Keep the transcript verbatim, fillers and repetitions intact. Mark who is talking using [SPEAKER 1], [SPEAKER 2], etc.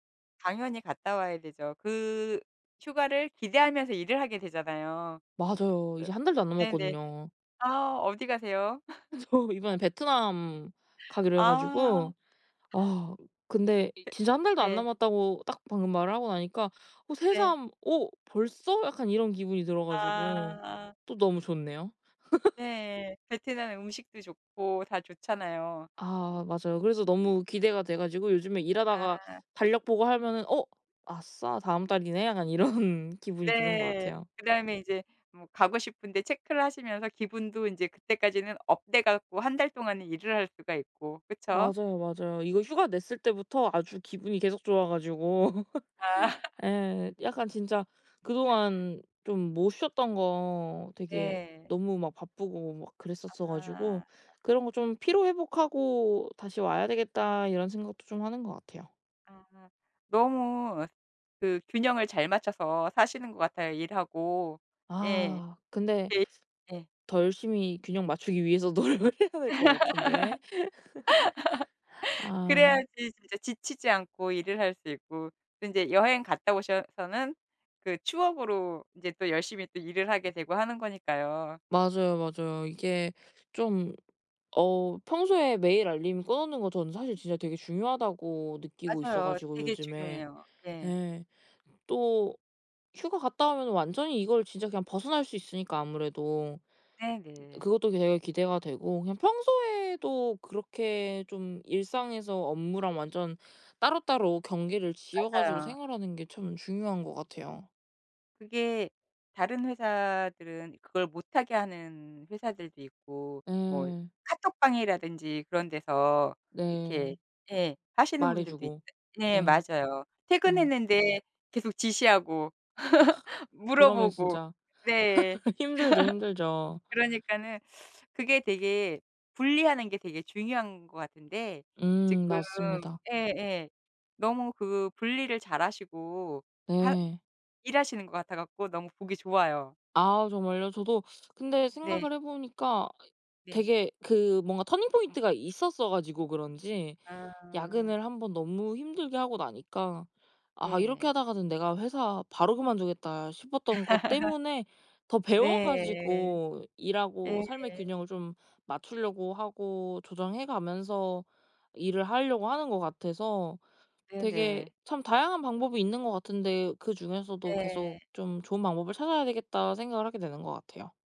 [SPEAKER 1] 당연히 갔다 와야 되죠. 그 휴가를 기대하면서 일을 하게 되잖아요.
[SPEAKER 2] 맞아요.
[SPEAKER 1] 으
[SPEAKER 2] 이제 한 달도 안
[SPEAKER 1] 네네.
[SPEAKER 2] 남았거든요.
[SPEAKER 1] 아 어디 가세요?
[SPEAKER 2] 저 이번에 베트남 가기로 해
[SPEAKER 1] 아.
[SPEAKER 2] 가지고 아 근데 이
[SPEAKER 1] 예
[SPEAKER 2] 진짜 한 달도 안
[SPEAKER 1] 네.
[SPEAKER 2] 남았다고 딱 방금 말하고 나니까 어
[SPEAKER 1] 네.
[SPEAKER 2] 새삼 '어 벌써?' 약간 이런 기분이 들어 가지고
[SPEAKER 1] 아.
[SPEAKER 2] 또 너무 좋네요.
[SPEAKER 1] 네. 베트남 음식도 좋고 다 좋잖아요. 음.
[SPEAKER 2] 아 맞아요. 그래서 너무 기대가 돼 가지고 요즘에 일하다가
[SPEAKER 1] 아.
[SPEAKER 2] 달력 보고 하면은 어 '아싸 다음 달이네.' 약간 이런 기분이 드는 것
[SPEAKER 1] 네.
[SPEAKER 2] 같아요.
[SPEAKER 1] 그다음에 이제 뭐 가고 싶은데 체크를 하시면서 기분도 인제 그때까지는 업돼 갖고 한 달 동안은 일을 할 수가 있고 그쵸?
[SPEAKER 2] 맞아요, 맞아요. 이거 휴가 냈을 때부터 아주 기분이 계속 좋아 가지고.
[SPEAKER 1] 아.
[SPEAKER 2] 예 약간 진짜 그동안 좀 못 쉬었던 거 되게
[SPEAKER 1] 네.
[SPEAKER 2] 너무 막 바쁘고 막 그랬었어
[SPEAKER 1] 아
[SPEAKER 2] 가지고
[SPEAKER 1] 아.
[SPEAKER 2] '그런 거 좀 피로 회복하고 다시 와야 되겠다.' 이런 생각도 좀 하는 것 같아요.
[SPEAKER 1] 아. 너무 그 균형을 잘 맞춰서 사시는 것 같아요, 일하고. 예.
[SPEAKER 2] .아 근데
[SPEAKER 1] 데 예.
[SPEAKER 2] 더 열심히 균형 맞추기 위해서 노력을 해야 될 것 같은데. 아.
[SPEAKER 1] 그래야지 진짜 지치지 않고 일을 할 수 있고 또 인제 여행 갔다 오셔서는 그 추억으로 인제 또 열심히 또 일을 하게 되고 하는 거니까요.
[SPEAKER 2] 맞아요, 맞아요. 이게 좀 어 평소에 메일 알림 꺼 놓는 거 저는 사실 진짜 되게 중요하다고 느끼고 있어
[SPEAKER 1] 맞아요.
[SPEAKER 2] 가지고
[SPEAKER 1] 되게
[SPEAKER 2] 요즘에.
[SPEAKER 1] 중요해요. 예.
[SPEAKER 2] 예. 또 휴가 갔다 오면은 완전히 이걸 진짜 그냥 벗어날 수 있으니까 아무래도
[SPEAKER 1] 네네.
[SPEAKER 2] 그것도 되게 기대가 되고. 그냥 평소에도 그렇게 좀 일상에서 업무랑 완전 따로따로 경계를 지어 가지고
[SPEAKER 1] 맞아요.
[SPEAKER 2] 생활하는 게 참 중요한 것 같아요.
[SPEAKER 1] 그게 다른 회사들은 그걸 못 하게 하는 회사들도 있고 뭐
[SPEAKER 2] 예.
[SPEAKER 1] 카톡방이라든지 그런 데서 이렇게
[SPEAKER 2] 네.
[SPEAKER 1] 예 하시는
[SPEAKER 2] 말해
[SPEAKER 1] 분들도 있대
[SPEAKER 2] 주고.
[SPEAKER 1] 네
[SPEAKER 2] 예.
[SPEAKER 1] 맞아요.
[SPEAKER 2] 음.
[SPEAKER 1] 퇴근했는데 계속 지시하고
[SPEAKER 2] 그러면
[SPEAKER 1] 물어보고.
[SPEAKER 2] 진짜
[SPEAKER 1] 네.
[SPEAKER 2] 힘들죠, 힘들죠.
[SPEAKER 1] 그러니까는 그게 되게 분리하는 게 되게 중요한 것 같은데
[SPEAKER 2] 음
[SPEAKER 1] 지금
[SPEAKER 2] 맞습니다.
[SPEAKER 1] 예예 너무 그 분리를 잘하시고 하
[SPEAKER 2] 네.
[SPEAKER 1] 일하시는 것 같아 갖고 너무 보기 좋아요.
[SPEAKER 2] 아 정말요? 저도 근데
[SPEAKER 1] 네.
[SPEAKER 2] 생각을 해 보니까 이
[SPEAKER 1] 네.
[SPEAKER 2] 되게 그 뭔가 터닝 포인트가 있었어 가지고 그런지
[SPEAKER 1] 아.
[SPEAKER 2] 야근을 한 번 너무 힘들게 하고 나니까 '아 이렇게
[SPEAKER 1] 예.
[SPEAKER 2] 하다가는 내가 회사 바로 그만두겠다.' 싶었던 것 때문에 더 배워
[SPEAKER 1] 네.
[SPEAKER 2] 가지고 일하고
[SPEAKER 1] 예.
[SPEAKER 2] 삶의 균형을 좀 맞추려고 하고 조정해 가면서 일을 하려고 하는 것 같아서 '되게
[SPEAKER 1] 네네.
[SPEAKER 2] 참 다양한 방법이 있는 것 같은데 그중에서도 계속
[SPEAKER 1] 네.
[SPEAKER 2] 좀 좋은 방법을 찾아야 되겠다.' 생각을 하게 되는 것 같아요.